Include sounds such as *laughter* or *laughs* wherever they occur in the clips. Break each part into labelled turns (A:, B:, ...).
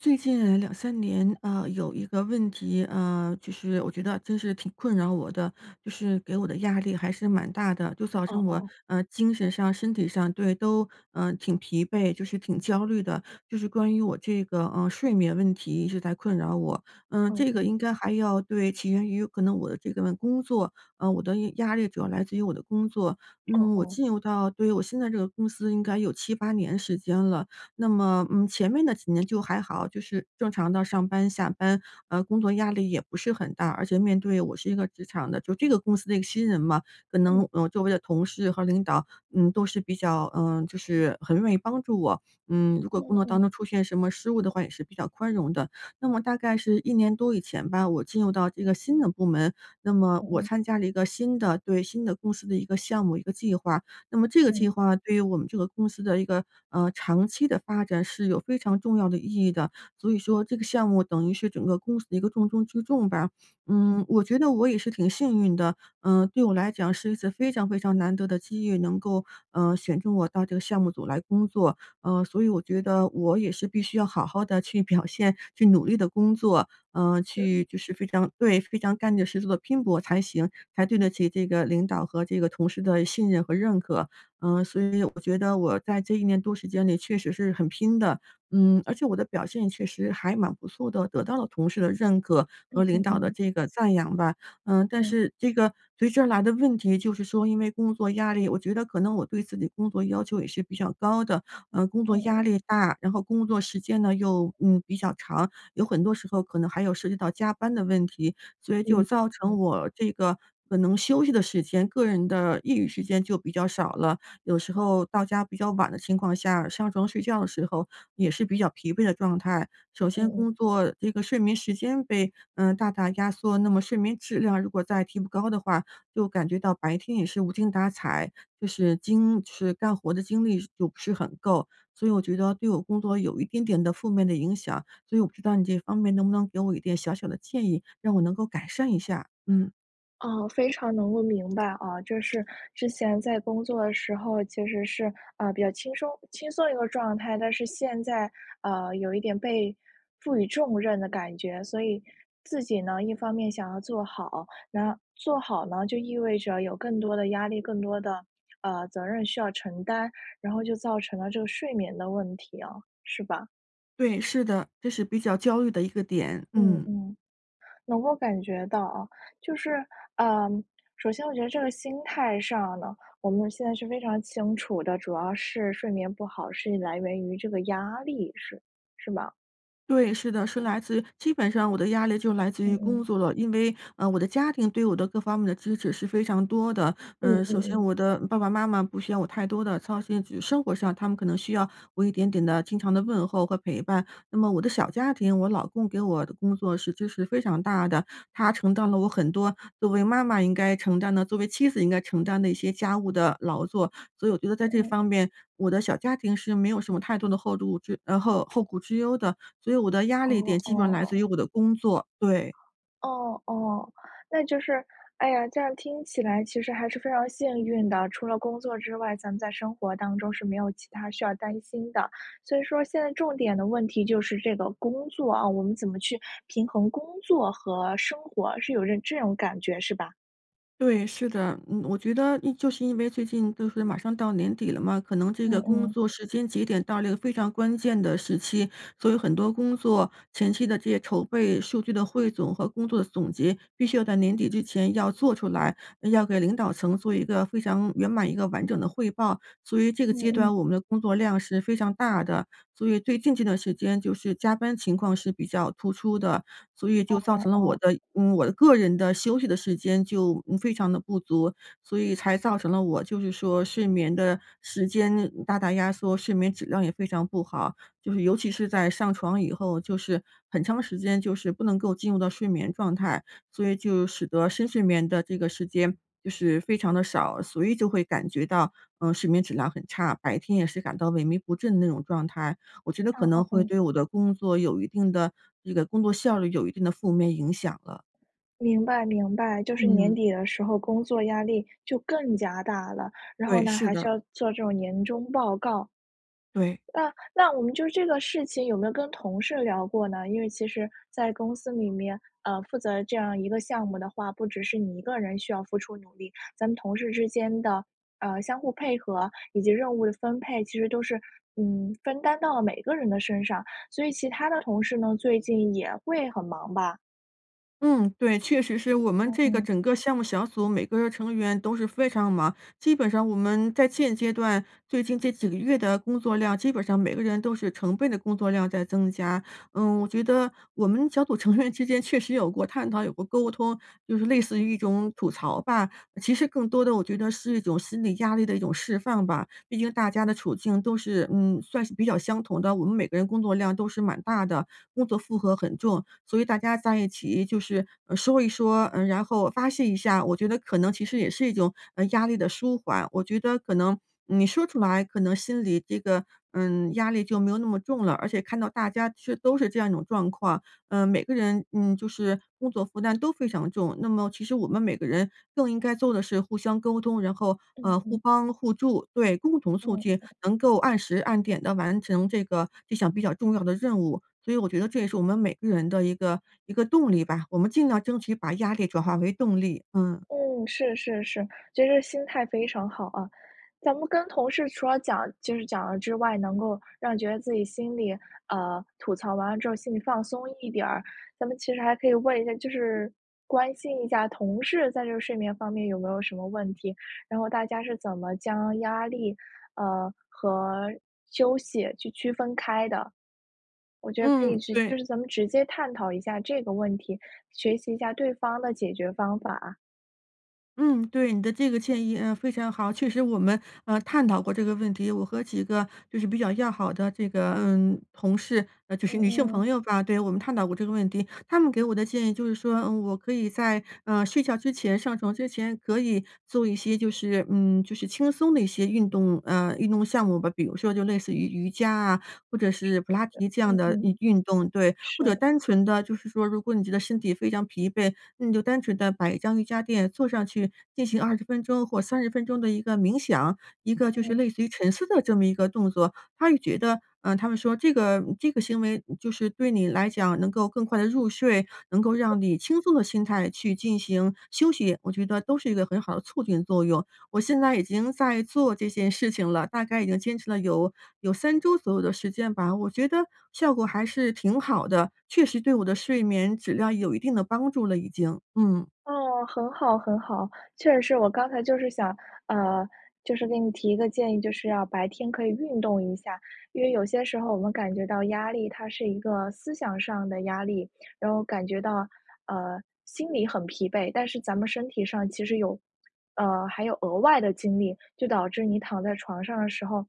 A: 最近，2-3年，呃，有一个问题，呃，就是我觉得真是挺困扰我的，就是给我的压力还是蛮大的，就造
B: 哦
A: 成我，
B: 哦。
A: 呃，精神上、身体上，对，都，呃，挺疲惫，就是挺焦虑的，就是关于我这个，呃，睡眠问题一直在困扰我。呃，
B: 嗯
A: 这个
B: 嗯。
A: 应该还要对，起源于可能我的这个工作，呃，我的压力主要来自于我的工作。那
B: 哦
A: 么我
B: 哦。
A: 进入到对，我现在这个公司应该有7-8年时间了。那么，嗯，前面的几年就还好，就是正常地上班、下班，呃，工作压力也不是很大，而且面对我是一个职场的就这个公司的一个新人嘛，可
B: 嗯。
A: 能，呃，周围的同事和领导，嗯，都是比较，嗯，就是很愿意帮助我。嗯，如果工
B: 嗯
A: 作
B: 嗯。
A: 当中出现什么失误的话也是比较宽容的。那么大概是1年多以前吧，我进入到这个新的部门，那么
B: 嗯
A: 我
B: 嗯。
A: 参加了一个新的对，新的公司的一个项目、一个计划。那么这个
B: 嗯。
A: 计划对于我们这个公司的一个，呃，长期的发展是有非常重要的意义的，所以说这个项目等于是整个公司的一个重中之重吧。嗯，我觉得我也是挺幸运的，嗯，对我来讲是一次非常非常难得的机遇，能够，呃，选中我到这个项目组来工作，呃，所以我觉得我也是必须要好好地去表现，去努力地工作，呃，
B: 对。
A: 去就是非常对，非常干劲儿十足地拼搏才行，才对得起这个领导和这个同事的信任和认可。嗯，所以我觉得我在这一年多时间里确实是很拼的，嗯，而且我的表现确实还蛮不错的，得到了同事的认可和
B: 嗯
A: 领
B: 嗯
A: 导的
B: 嗯。
A: 这个赞扬吧。嗯，但
B: 嗯。
A: 是这个，随之而来的问题就是说因为工作压力，我觉得可能我对自己工作要求也是比较高的，呃，工作
B: 嗯
A: 压
B: 嗯。
A: 力大，然后工作时间呢又，嗯，比较长，有很多时候可能还有涉及到加班的问题，所以就
B: 嗯，
A: 造
B: 嗯。
A: 成我这个可能休息的时间、个人的业余时间就比较少了。有时候到家比较晚的情况下，上床睡觉的时候也是比较疲惫的状态。首
B: 嗯
A: 先
B: 嗯。
A: 工作这个睡眠时间被，呃，大大压缩，那么睡眠质量如果再提不高的话，就感觉到白天也是无精打采，就是精就是干活的精力就不是很够。所以我觉得对我工作有一点点的负面的影响，所以我不知道你这方面能不能给我一点小小的建议？让我能够改善一下，嗯。
B: 啊，非常能够明白，啊，就是之前在工作的时候其实是，呃，比较轻松轻松的一个状态，但是现在，呃，有一点被赋予重任的感觉，所以自己呢，一方面想要做好，然做好呢，就意味着有更多的压力、更多的，呃，责任需要承担，然后就造成了这个睡眠的问题哦，是吧？
A: 对，是的，这是比较焦虑的一个点，
B: 嗯，
A: 嗯。
B: 嗯，能够感觉到啊，就是呃，首先我觉得这个心态上呢，我们现在是非常清楚的，主要是睡眠不好是来源于这个压力，是是吧？
A: 对，是的，是来自于基本上我的压力就来自
B: 嗯
A: 于工
B: 嗯。
A: 作了。因为，呃，我的家庭对我的各方面的支持是非常多的。
B: 嗯
A: 呃，
B: 嗯
A: 首先
B: 嗯。
A: 我的爸爸妈妈不需要我太多的操心，只是生活上他们可能需要我一点点的经常的问候和陪伴。那么我的小家庭，我老公给我的工作是支持非常大的，他承担了我很多作为妈妈应该承担的、作为妻子应该承担的一些家务的劳作。所以我觉得
B: 嗯
A: 在这
B: 嗯。
A: 方面，我的小家庭是没有什么太多的后路之呃，后后顾之忧的，所以我的压力
B: 哦，
A: 点基本上来自于
B: 哦。
A: 我的工作，对。
B: 哦，哦，那就是哎呀，这样听起来其实还是非常幸运的。除了工作之外，咱们在生活当中是没有其它需要担心的，所以说现在重点的问题就是这个工作，啊，我们怎么去平衡工作和生活，是有点这这种感觉是吧？
A: 对，是的。嗯，我觉得一就是因为最近就是马上到年底了嘛，可能这个
B: 嗯
A: 工
B: 嗯。
A: 作时间节点到了一个非常关键的时期，所以很多工作前期的这些筹备、数据的汇总和工作的总结，必须要在年底之前要做出来，要给领导层做一个非常圆满一个完整的汇报。所以这个
B: 嗯
A: 阶
B: 嗯。
A: 段我们的工作量是非常大的，所以最近这段时间就是加班情况是比较突出的，所以
B: 哦
A: 就造
B: 哦
A: 成了我
B: 哦。
A: 的我的个人的休息的时间就非常地不足。所以才造成了我，就是说睡眠的时间大大压缩，睡眠质量也非常不好。就是尤其是在上床以后，就是很长时间就是不能够进入到睡眠状态，所以就使得深睡眠的这个时间就是非常的少。所以就会感觉到，呃，睡眠质量很差，白天也是感到萎靡不振的那种状态。我觉得可
B: 哦哦
A: 能会
B: 哦。
A: 对我的工作有一定的这个工作效率有一定的负面影响了。
B: 明白明白，就是年
A: 嗯。
B: 底的时候工作压力就更加大了，然后
A: 对，
B: 呢，
A: 是
B: 还需
A: 的。
B: 要做这种年终报告。
A: 对。
B: 那那我们就这个事情有没有跟同事聊过呢？因为其实在公司里面，呃，负责这样一个项目的话，不只是你一个人需要付出努力，咱们同事之间的，呃，相互配合以及任务的分配，其实都是，嗯，分担到了每一个人的身上。所以其他的同事呢，最近也会很忙吧？
A: 嗯，对，确实是我们
B: 嗯
A: 这个
B: 嗯。
A: 整个项目小组每个成员都是非常忙，基本上我们在现阶段，最近这几个月的工作量基本上每个人都是成倍的工作量在增加。嗯，我觉得我们小组成员之间确实有过探讨、有过沟通，就是类似于一种吐槽吧，其实更多的我觉得是一种心理压力的一种释放吧。毕竟大家的处境都是嗯，算是比较相同的，我们每个人工作量都是蛮大的，工作负荷很重，所以大家在一起就是，呃，说一说，嗯，然后发泄一下，我觉得可能其实也是一种，嗯，压力的舒缓。我觉得可能你说出来可能心里这个，嗯，压力就没有那么重了，而且看到大家是都是这样一种状况，嗯，每个人嗯，就是工作负担都非常重。那么其实我们每个人更应该做的是互相沟通，然后，
B: 嗯
A: 呃，互
B: 嗯。
A: 帮互助，对，共同促进
B: 嗯。
A: 能够按时按点地完成这个这项比较重要的任务，所以我觉得这也是我们每个人的一个一个动力吧，我们尽量争取把压力转化为动力，嗯。
B: 嗯，是，是，是，就是心态非常好啊，咱们跟同事除了讲就是讲了之外，能够让你觉得自己心里呃，吐槽完了之后心里放松一点儿。咱们其实还可以问一下就是关心一下同事在这睡眠方面有没有什么问题，然后大家是怎么将压力，呃，和休息去区分开的。我觉得可以
A: 嗯，
B: 是就
A: 对。
B: 是咱们直接探讨一下这个问题，学习一下对方的解决方法。
A: 嗯，对，你的这个建议，呃，非常好。确实我们，呃，探讨过这个问题，我和几个就是比较要好的这个，嗯，同事呃，就
B: 嗯
A: 是女性
B: 嗯。
A: 朋友吧，对，我们探讨过这个问题。她们给我的建议就是说，嗯，我可以在，呃，睡觉之前、上床之前可以做一些就是嗯，就是轻松的一些运动呃，运动项目吧。比如说就类似于瑜伽啊或者是普拉提这样
B: 嗯
A: 的
B: 嗯。
A: 运运动，对。或者
B: 是。
A: 单纯地就是说如果你觉得身体非常疲惫，那你就单纯地摆一张瑜伽坐上去，进行20分钟或30分钟的一个冥想，一个就是
B: 嗯。
A: 类似于沉思的这么一个动作。她也觉得呃，她们说这个这个行为就是对你来讲能够更快地入睡，能够让你以轻松的心态去进行休息，我觉得都是一个很好的促进作用。我现在已经在做这件事情了，大概已经坚持了有有3周左右的时间吧，我觉得效果还是挺好的，确实对我的睡眠质量有一定的帮助了已经，嗯。
B: 哦，很好，很好，确实是我刚才就是想呃，就是给你提一个建议，就是要白天可以运动一下，因为有些时候我们感觉到压力，它是一个思想上的压力，然后感觉到，呃，心里很疲惫，但是咱们身体上其实有呃，还有额外的精力，就导致你躺在床上的时候，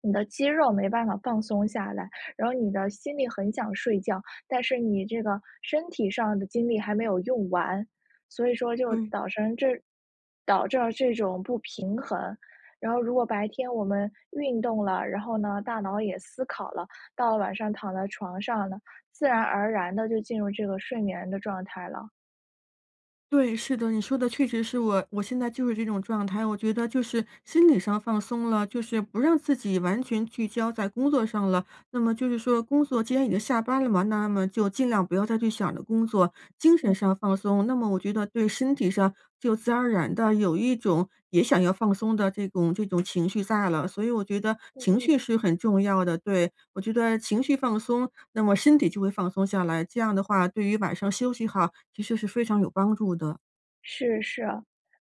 B: 你的肌肉没办法放松下来，然后你的心里很想睡觉，但是你这个身体上的精力还没有用完。所以说就
A: 对。
B: 导成这导致了这种不平衡，然后如果白天我们运动了，然后呢，大脑也思考了，到了晚上躺在床上呢，自然而然地就进入这个睡眠的状态了。
A: 对，是的，你说的确实是我我现在就是这种状态，我觉得就是心理上放松了，就是不让自己完全聚焦在工作上了。那么就是说工作既然已经下班了嘛，那么就尽量不要再去想着工作。精
B: 嗯。
A: 神上放松，那么我觉得对身体上就自然而然地有一种，也想要放松的这种这种情绪在了，所以我觉得
B: 嗯
A: 情
B: 嗯。
A: 绪是很重要的，对。我觉得情绪放松，那么身体就会放松下来，这样的话，对于晚上休息好，其实是非常有帮助的。
B: 是，是啊。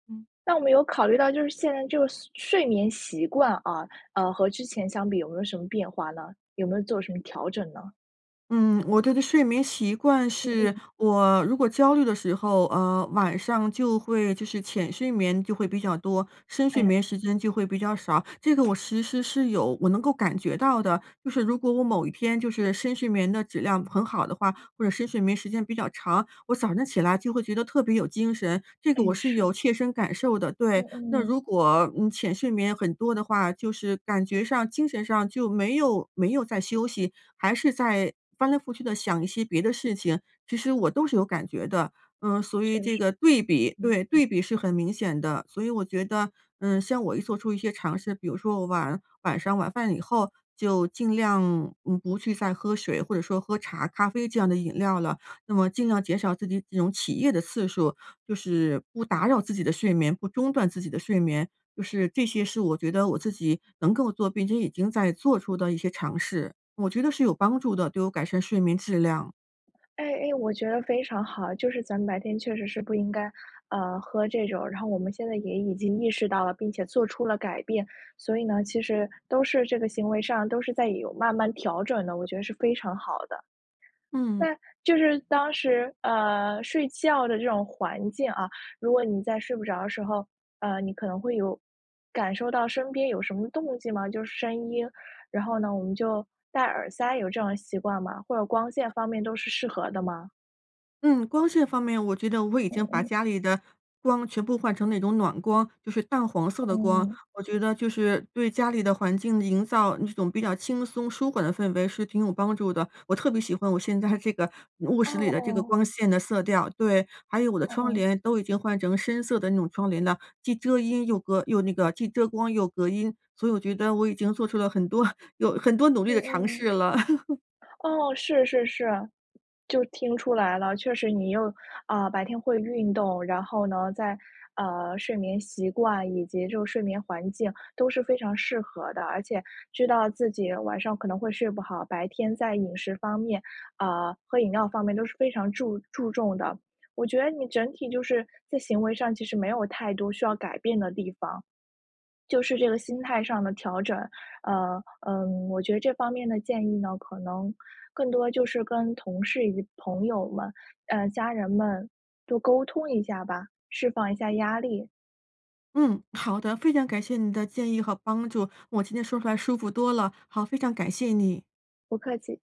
A: 嗯。
B: 那我们有考虑到就是现在这个岁睡眠习惯啊，呃，和之前相比有没有什么变化呢？有没有做什么调整呢？
A: 嗯，我觉得睡眠习惯
B: 嗯
A: 是，
B: 嗯。
A: 我如果焦虑的时候，呃，晚上就会就是浅睡眠就会比较多，深睡
B: 嗯。
A: 眠时间就会比较少，这个我其实是有我能够感觉到的，就是如果我某一天就是深睡眠的质量很好的话，或者深睡眠时间比较长，我早上起来就会觉得特别有精神，这个
B: 嗯，
A: 我是
B: 是。
A: 有切身感受的。
B: 嗯
A: 对，那
B: 嗯。
A: 如果，嗯，浅睡眠很多的话，就是感觉上精神上就没有没有在休息，还是在，翻来覆去地想一些别的事情，其实我都是有感觉的。嗯，所
B: 确
A: 以这
B: 实，
A: 个对比
B: 嗯
A: 对，
B: 嗯。
A: 对比是很明显的。所以我觉得，嗯像我一做出一些尝试，比如说我晚晚上，晚饭以后就尽量不不去再喝水，或者说喝茶、咖啡这样的饮料了，那么尽量减少自己这种起夜的次数，就是不打扰自己的睡眠、不中断自己的睡眠，就是这些是我觉得我自己能够做，并且已经在做出的一些尝试，我觉得是有帮助的，对我改善睡眠质量。
B: 哎哎，我觉得非常好啊，就是咱们白天确实是不应该，呃，喝这种然后我们现在也已经意识到了，并且做出了改变。所以呢，其实都是这个行为上都是在有慢慢调整的，我觉得是非常好的。那
A: 嗯。
B: 就是当时呃，睡觉的这种环境，啊，如果你在睡不着的时候，呃，你可能会有感受到身边有什么动静吗？就是声音，然后呢，我们就戴耳塞，有这种习惯吗？或者光线方面都是适合的吗？
A: 嗯，光线方面我觉得我已
B: 嗯
A: 经把
B: 嗯。
A: 家里的光全部换成那种暖光，就是淡黄色的光。
B: 嗯。
A: 我觉得就是对家里的环境营造一种比较轻松舒缓的氛围是挺有帮助的。我特别喜欢我现在这个卧
B: 哦
A: 室里的这个
B: 哦。
A: 光线的色调。对，还有我的
B: 哦
A: 窗
B: 哦。
A: 帘都已经换成深色的那种窗帘了，既遮音又隔又那个既遮光又隔音，所以我觉得我已经做出了很多 *laughs* 有很多努力
B: 嗯
A: 的尝
B: 嗯。
A: 试了。*laughs*
B: 哦，是是是，就听出来了，确实你又啊，白天会运动，然后呢，在，呃，睡眠习惯以及就是睡眠环境都是非常适合的，而且知道自己晚上可能会睡不好，白天在饮食方面啊，喝饮料方面都是非常注注重的，我觉得你整体就是在行为上其实没有太多需要改变的地方。就是这个心态上的调整，呃，呃，我觉得这方面的建议呢，可能更多就是跟同事与朋友们，呃，家人们多沟通一下吧，释放一下压力。
A: 嗯，好的，非常感谢你的建议和帮助，我今天说出来舒服多了，好，非常感谢你。
B: 不客气。